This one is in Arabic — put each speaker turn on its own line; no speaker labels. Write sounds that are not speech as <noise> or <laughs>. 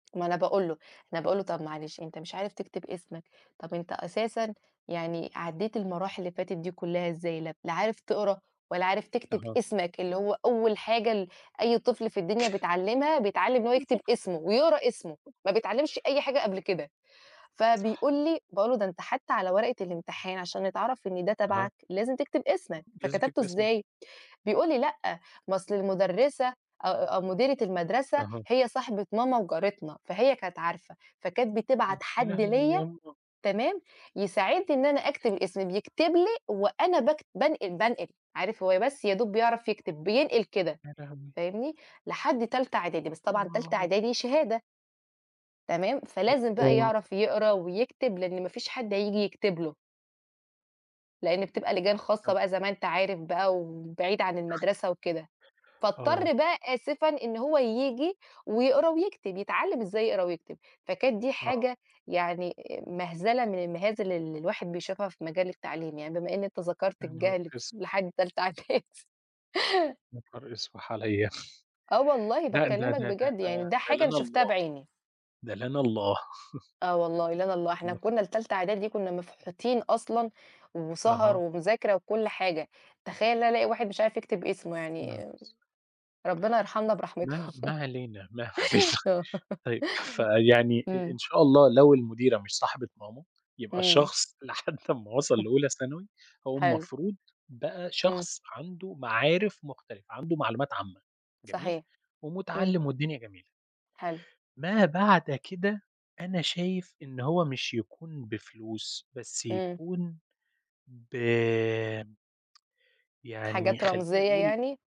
ما أنا باقول له، أنا باقول له: "طَب معلش أنت مش عارف تكتب اسمك، طَب أنت أساسًا يعني عدِّيت المراحل اللي فاتت دي كُلّها إزاي؟ ل لا عارف تقرا ولا عارف تكتب
أها.
اسمك اللي هو أول حاجة ال أي طفل في الدنيا بيتعلِّمها، بيتعلِّم إن هو
<unintelligible>
يكتب
صح.
اسمه ويقرا اسمه، ما بيتعلِّمش أي حاجة قبل كده."،
صح.
فبيقول لي، باقول له: "ده أنت حتّى على ورقة الامتحان عشان يتعرَف إن ده
آه.
تبعك لازم تكتب اسمك،
لازم
فكتبته
تكتب اسمك.
إزاي؟" بيقول لي: "لأ، ما أصل المُدرِّسة أ أو مديرة المَدرسة
أها.
هي صاحبة ماما وجارتنا، فهي كانت عارفة، فكانت بتبعت
امم، يا
حد
لهوي يا
ليَا،
أمّا!
تمام، يساعدني إن أنا أكتب اسمي، بيكتب لي وأنا باكت بانقل، بانقل." عارف هو بس يا دوب بيعرف يكتب، بينقل كده،
يا لهوي!
فاهمني، لحد تالتة إعدادي، بس طبعًا تالتة
آه.
إعدادي شهادة. تمام، فلازم بقى
<unintelligible>
يعرَف يقرا ويكتب، لإن ما فيش حد هييجي يكتب له. لإن بتبقى لجان خاصة
<unintelligible>
بقى زي ما أنت عارف بقى وبعيد عن المَدرسة وكده.
آه.
فاضطر بقى آسفًا إن هو ييجي ويقرا ويكتب، يتعلِّم إزاي يقرا ويكتب. فكانت دي
آه.
حاجة يعني مَهزلة من المهازل اللي الواحد بيشوفها في مجال التعليم يعني بما إن أنت ذكرت
يا نهار
الجهل ف
إسْوِح!
لحد تالتة إعدادي.
يا نهار إسوِح عليَا!
آه
<chuckles>
والله
لأ، ده
باكلِّمك
ده ده
بجد، يعني ده
ده
حاجة أنا
لنا
شُفتها
الله.
بعيني.
ده لنا الله. <chuckles>
آه والله، لنا الله، إحنا
<unintelligible>
كُنّا لتالتة إعدادي كُنّا مفحوتين أصلًا وسَهَر
أها.
ومذاكرة وكل حاجة. تخيَل إن أنا ألاقي واحد مش عارف يكتب اسمه،
يا نهار
يعني
إسوِح!
ربِّنا يرحمنا برحمته.
ما ما
<chuckles>
علينا، ما علينا.
آه. <laughs>
طيب، فيعني آآ إن
إمم.
شاء الله لو المديرة مش صاحبة ماما، يبقى
إمم.
الشخص لحد أمّا وصِل
<chuckles>
لأولى ثانوي، هو
حلو.
المفروض بقى
إمم.
شخص عنده معارف مختلفة، عنده معلومات عامة، جميل،
صحيح. إمم.
ومتعلِّم والدنيا جميلة.
حلو.
ما بعد كده، أنا شايف إن هو مش يكون بفلوس، بس
إمم.
يكون ب <tsk> يعني
حاجات
خلّينا
رمزيّة
نقول
يعني؟